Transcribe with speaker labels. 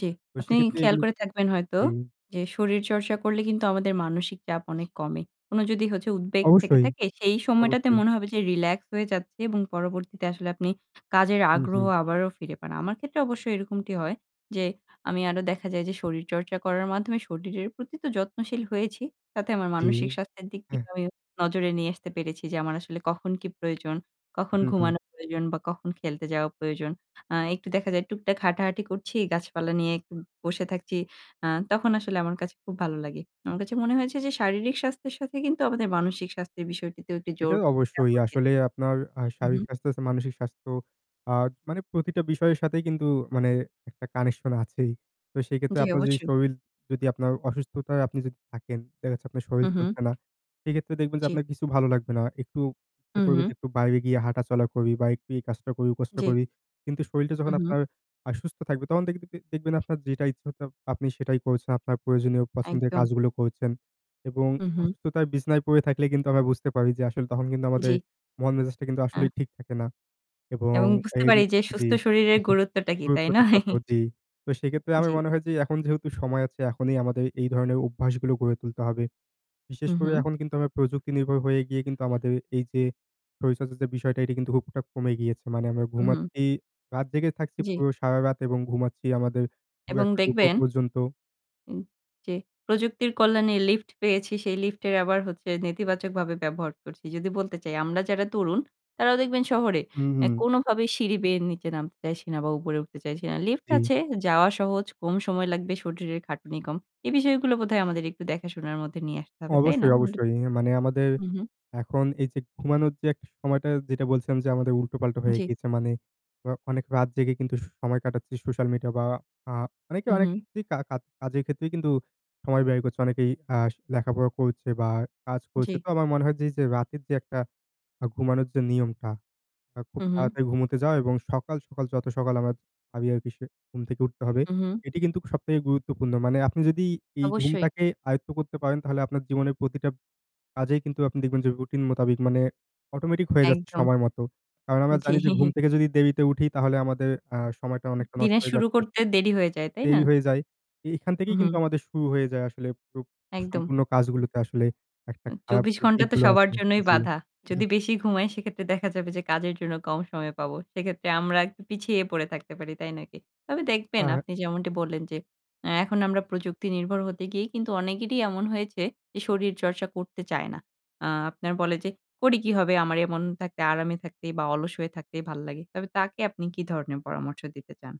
Speaker 1: জ্বী।
Speaker 2: তো
Speaker 1: আপনি
Speaker 2: সেক্ষেত্রে
Speaker 1: খেয়াল
Speaker 2: এগুলো
Speaker 1: করে থাকবেন হয়তো
Speaker 2: জি।
Speaker 1: যে, শরীরচর্চা করলে কিন্তু আমাদের মানসিক চাপ অনেক কমে। কোনো যদি হচ্ছে উদ্বেগ থেকে
Speaker 2: অবশ্যই,
Speaker 1: থাকে, সেই সময়টাতে
Speaker 2: অবশ্যই।
Speaker 1: মনে হবে যে রিল্যাক্স হয়ে যাচ্ছে এবং পরবর্তীতে আসলে আপনি কাজের
Speaker 2: হু,
Speaker 1: আগ্রহ
Speaker 2: হু।
Speaker 1: আবারও ফিরে পান। আমার ক্ষেত্রে অবশ্যই এরকমটি হয় যে, আমি আরো দেখা যায় যে শরীরচর্চা করার মাধ্যমে শরীরের প্রতি তো যত্নশীল হয়েছি। তাতে আমার
Speaker 2: জ্বী,
Speaker 1: মানসিক স্বাস্থ্যের দিক দিয়ে
Speaker 2: হ্যাঁ।
Speaker 1: আমি নজরে নিয়ে আসতে পেরেছি যে, আমার আসলে কখন কি প্রয়োজন, কখন
Speaker 2: হু, হু।
Speaker 1: ঘুমানোর প্রয়োজন বা কখন খেলতে যাওয়া প্রয়োজন। আহ একটু দেখা যায় টুকটাক হাঁটাহাঁটি করছি। গাছপালা নিয়ে একটু বসে থাকছি। আ তখন আসলে আমার কাছে খুব ভালো লাগে। আমার কাছে মনে হয়েছে যে শারীরিক স্বাস্থ্যের সাথে কিন্তু আমাদের মানসিক স্বাস্থ্যের বিষয়টিতেও একটু
Speaker 2: এটা
Speaker 1: জোর দেয়া
Speaker 2: অবশ্যই।
Speaker 1: উচিত।
Speaker 2: আসলে আপনার আহ
Speaker 1: হু,
Speaker 2: শারীরিক
Speaker 1: হু।
Speaker 2: স্বাস্থ্যর চে মানসিক স্বাস্থ্য, আহ মানে প্রতিটা বিষয়ের সাথেই কিন্তু মানে একটা কানেকশন আছেই। তো সেই ক্ষেত্রে
Speaker 1: জ্বী,
Speaker 2: আপনার যদি
Speaker 1: অবশ্যই।
Speaker 2: শরীর যদি আপনার অসুস্থতায় আপনি যদি থাকেন, দেখাচ্ছে আপনার
Speaker 1: হু,
Speaker 2: শরীর চলছে
Speaker 1: হু।
Speaker 2: না। সেক্ষেত্রে দেখবেন যে,
Speaker 1: জ্বী।
Speaker 2: আপনার কিছু ভালো লাগবে না। একটু ইচ্ছা
Speaker 1: হু,
Speaker 2: করবে যে
Speaker 1: হু।
Speaker 2: একটু বাইরে গিয়ে হাঁটা চলা করি বা একটু এই কাজটা করি, ওই কাজটা
Speaker 1: জ্বী।
Speaker 2: করি। কিন্তু শরীরটা
Speaker 1: উ
Speaker 2: যখন
Speaker 1: হু।
Speaker 2: আপনার আ সুস্থ থাকবে তখন দেখতিদে দেখবেন আপনার যেটা ইচ্ছা আপনি সেটাই করছেন। আপনার প্রয়োজনীয় পছন্দের
Speaker 1: একদম।
Speaker 2: কাজগুলো করছেন। এবং
Speaker 1: উহু।
Speaker 2: অসুস্থতায় বিছানায় পড়ে থাকলে কিন্তু আমরা বুঝতে পারি যে, আসলে তখন কিন্তু আমাদের
Speaker 1: জ্বি।
Speaker 2: মন-মেজাজটা কিন্তু আসলেই
Speaker 1: আ
Speaker 2: ঠিক থাকে না। এবং
Speaker 1: এবং বুঝতে পারি
Speaker 2: এইগুলো
Speaker 1: যে সুস্থ
Speaker 2: জ্বি।
Speaker 1: শরীরের গুরুত্বটা কি, তাই
Speaker 2: গুরুত্বটা
Speaker 1: নয়?
Speaker 2: কত, জ্বি। তো সেক্ষেত্রে আমি
Speaker 1: জ্বী।
Speaker 2: মনে হয় যে এখন যেহেতু সময় আছে এখনই আমাদের এই ধরনের অভ্যাসগুলো গড়ে তুলতে হবে। বিশেষ
Speaker 1: হু,
Speaker 2: করে
Speaker 1: হু।
Speaker 2: এখন কিন্তু আমরা প্রযুক্তি নির্ভর হয়ে গিয়ে কিন্তু আমাদের এই যে, শরীরচর্চা যে বিষয়টা এটা কিন্তু খুব একটা কমে গিয়েছে। মানে আমরা
Speaker 1: উহু।
Speaker 2: ঘুমাচ্ছি রাত জেগে থাকছি,
Speaker 1: জ্বী।
Speaker 2: পুরো সারারাত এবং ঘুমাচ্ছি আমাদের পুরো
Speaker 1: এবং
Speaker 2: একটা দুপুর
Speaker 1: দেখবেন
Speaker 2: পর্যন্ত।
Speaker 1: উ যে প্রযুক্তির কল্যাণে লিফট পেয়েছি, সেই লিফটের আবার হচ্ছে নেতিবাচকভাবে ব্যবহার করছি। যদি বলতে চাই আমরা যারা তরুণ; তারাও দেখবেন শহরে
Speaker 2: হু,
Speaker 1: অ্যা
Speaker 2: হু।
Speaker 1: কোনভাবেই সিঁড়ি বেয়ে নিচে নামতে চাইছি না বা উপরে উঠতে চাইছি না। লিফট
Speaker 2: জ্বী।
Speaker 1: আছে, যাওয়া সহজ। কম সময় লাগবে, শরীরের খাটুনি কম। এ বিষয়গুলো বোধয় আমাদের একটু দেখাশোনার মধ্যে নিয়ে আসতে হবে। তাই না?
Speaker 2: অবশ্যই,
Speaker 1: [unintelligible]
Speaker 2: অবশ্যই। ইয়ে মানে আমাদের
Speaker 1: হু, হু।
Speaker 2: এখন এই যে ঘুমানোর যে একটা সময়টা যেটা বলছিলাম যে আমাদের উল্টোপাল্টা হয়ে
Speaker 1: জ্বী।
Speaker 2: গিয়েছে মানে আ অনেক রাত জেগে কিন্তু সু সময় কাটাচ্ছি সোশ্যাল মিডিয়া বা আহ অনেকে অনেক
Speaker 1: উহু।
Speaker 2: কি কা কা কাজের ক্ষেত্রেই কিন্তু সময় ব্যয় করছে অনেকেই আ লেখাপড়া করছে বা কাজ করছে।
Speaker 1: জ্বী।
Speaker 2: তো আমার মনে হয় যে, যে রাতের যে একটা ঘুমানোর যে নিয়মটা। আ খুব
Speaker 1: হু, হু।
Speaker 2: তাড়াতাড়ি ঘুমুতে যাওয়া এবং সকাল, সকাল যত সকাল আমরা ভাবি আরকি সে ঘুম থেকে উঠতে হবে।
Speaker 1: উহু।
Speaker 2: এটি কিন্তু সবথেকে গুরুত্বপূর্ণ। মানে আপনি যদি এই
Speaker 1: অবশ্যই।
Speaker 2: ঘুমটাকে আয়ত্ত করতে পারেন, তাহলে আপনার জীবনের প্রতিটা কাজেই কিন্তু আপনি দেখবেন যে, রুটিন মোতাবিক মানে অটোমেটিক হয়ে যাচ্ছে
Speaker 1: একদম।
Speaker 2: সময় মতো। কারণ আমরা
Speaker 1: জ্বি।
Speaker 2: জানি যে ঘুম থেকে যদি দেরিতে উঠি তাহলে আমাদের আ সময়টা
Speaker 1: উ
Speaker 2: অনেকটা নষ্ট
Speaker 1: দিনের
Speaker 2: হয়ে
Speaker 1: শুরু
Speaker 2: যাচ্ছে।
Speaker 1: করতে দেরি হয়ে যায়, তাই না?
Speaker 2: দেরি হয়ে যায়। এ এখান থেকেই
Speaker 1: উহু।
Speaker 2: কিন্তু আমাদের শুরু হয়ে যায় আসলে [unintelligible]
Speaker 1: একদম।
Speaker 2: সম্পূর্ণ কাজগুলোতে আসলে একটা
Speaker 1: উ
Speaker 2: খারাপ
Speaker 1: ২৪
Speaker 2: যে
Speaker 1: ঘণ্টা তো
Speaker 2: দিকগুলো
Speaker 1: সবার
Speaker 2: আছে
Speaker 1: জন্যই
Speaker 2: জ্বি।
Speaker 1: বাঁধা। যদি বেশি ঘুমাই, সেক্ষেত্রে দেখা যাবে যে কাজের জন্য কম সময় পাবো। সেক্ষেত্রে আমরা একটু পিছিয়ে পড়ে থাকতে পারি, তাই নয় কি? তবে
Speaker 2: আ
Speaker 1: দেখবেন
Speaker 2: হাঁ।
Speaker 1: আপনি যেমনটি বললেন যে এ্যা এখন আমরা প্রযুক্তি নির্ভর হতে গিয়েই কিন্তু অনেকেরই এমন হয়েছে এ শরীরচর্চা করতে চায় না। অ্যা আপনার বলে যে, "করে কি হবে? আমার এমন থাকতে, আরামে থাকতেই বা অলস হয়ে থাকতেই ভাল লাগে।" তবে তাকে আপনি কি ধরনের পরামর্শ দিতে চান?